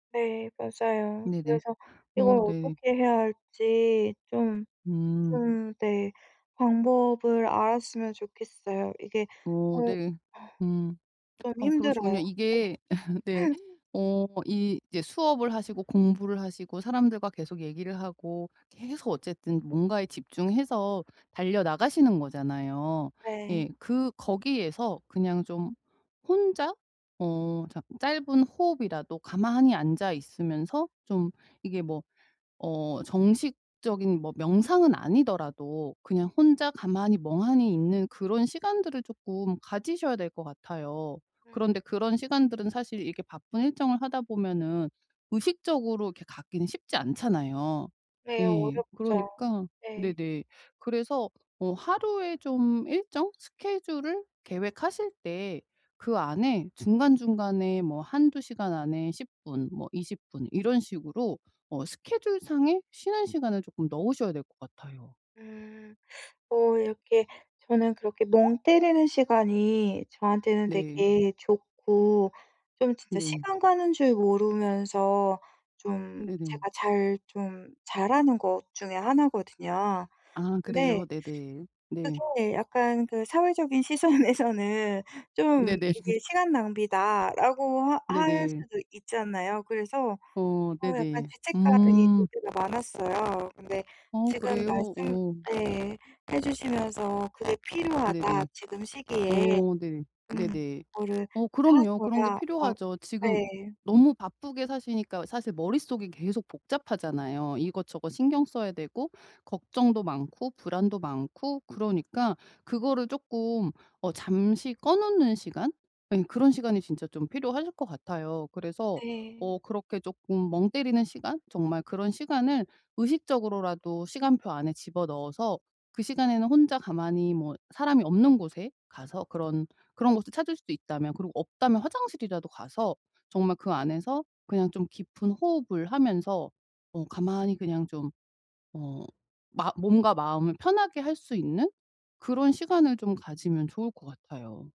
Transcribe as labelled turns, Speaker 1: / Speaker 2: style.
Speaker 1: 네 맞아요.
Speaker 2: 네네.
Speaker 1: 그래서 이걸
Speaker 2: 어 네.
Speaker 1: 어떻게 해야 할지 좀
Speaker 2: 음.
Speaker 1: 좀 네. 방법을 알았으면 좋겠어요. 이게
Speaker 2: 어
Speaker 1: 어
Speaker 2: 네. 음.
Speaker 1: 좀
Speaker 2: 아 그러시군요.
Speaker 1: 힘들어요.
Speaker 2: 이게 네.
Speaker 1: 네.
Speaker 2: 어 이 이제 수업을 하시고 공부를 하시고 사람들과 계속 얘기를 하고 계속 어쨌든 뭔가에 집중해서 달려 나가시는 거잖아요.
Speaker 1: 네.
Speaker 2: 예. 그 거기에서 그냥 좀 혼자 어 잠 짧은 호흡이라도 가만히 앉아 있으면서 좀 이게 뭐 어 정식적인 뭐 명상은 아니더라도 그냥 혼자 가만히 멍하니 있는 그런 시간들을 쪼끔 가지셔야 될 것 같아요.
Speaker 1: 음.
Speaker 2: 그런데 그런 시간들은 사실 이렇게 바쁜 일정을 하다 보면은 의식적으로 이렇게 갖기는 쉽지 않잖아요.
Speaker 1: 네
Speaker 2: 예.
Speaker 1: 어렵죠.
Speaker 2: 그러니까
Speaker 1: 네.
Speaker 2: 네네. 그래서 어 하루에 좀 일정 스케줄을 계획하실 때 그 안에 중간 중간에 뭐 1-2 시간 안에 10 분 뭐 20 분 이런 식으로 어 스케줄 상에 쉬는 시간을 쪼끔 넣으셔야 될 것 같아요.
Speaker 1: 음. 뭐 이렇게 저는 그렇게 멍 때리는 시간이 저한테는
Speaker 2: 네.
Speaker 1: 되게 좋고 좀 진짜
Speaker 2: 네.
Speaker 1: 시간 가는 줄 모르면서 좀
Speaker 2: 네네.
Speaker 1: 제가 잘 좀 잘하는 것 중에 1 거든요.
Speaker 2: 아
Speaker 1: 근데
Speaker 2: 그래요? 네네. 네.
Speaker 1: 그게 약간 그 사회적인 시선에서는 좀
Speaker 2: 네네.
Speaker 1: 이게 "시간 낭비다."라고 하 할
Speaker 2: 네네.
Speaker 1: 수도 있잖아요. 그래서
Speaker 2: 어
Speaker 1: 어 약간
Speaker 2: 네네.
Speaker 1: 죄책감이
Speaker 2: 음.
Speaker 1: 되게 많았어요. 근데
Speaker 2: 어
Speaker 1: 지금
Speaker 2: 그래요?
Speaker 1: 말씀
Speaker 2: 어.
Speaker 1: 예 해 주시면서 "그게 필요하다
Speaker 2: 네네.
Speaker 1: 지금 시기에."
Speaker 2: 어 네.
Speaker 1: 음
Speaker 2: 네네.
Speaker 1: "그거를
Speaker 2: 어
Speaker 1: 다
Speaker 2: 그럼요 그런 게
Speaker 1: 줘야" 아
Speaker 2: 필요하죠. 지금
Speaker 1: 네.
Speaker 2: 너무 바쁘게 사시니까 사실 머릿속이 계속 복잡하잖아요. 이것저것 신경 써야 되고 걱정도 많고 불안도 많고 그러니까 그거를 쪼끔 어 잠시 꺼 놓는 시간 예 그런 시간이 진짜 좀 필요하실 것 같아요. 그래서
Speaker 1: 네.
Speaker 2: 어 그렇게 쪼끔 멍 때리는 시간 정말 그런 시간을 의식적으로라도 시간표 안에 집어넣어서 그 시간에는 혼자 가만히 뭐 사람이 없는 곳에 가서 그런 그런 곳을 찾을 수도 있다면 그리고 없다면 화장실이라도 가서 정말 그 안에서 그냥 좀 깊은 호흡을 하면서 어 가만히 그냥 좀 어 마 몸과 마음을 편하게 할 수 있는 그런 시간을 좀 가지면 좋을 것 같아요.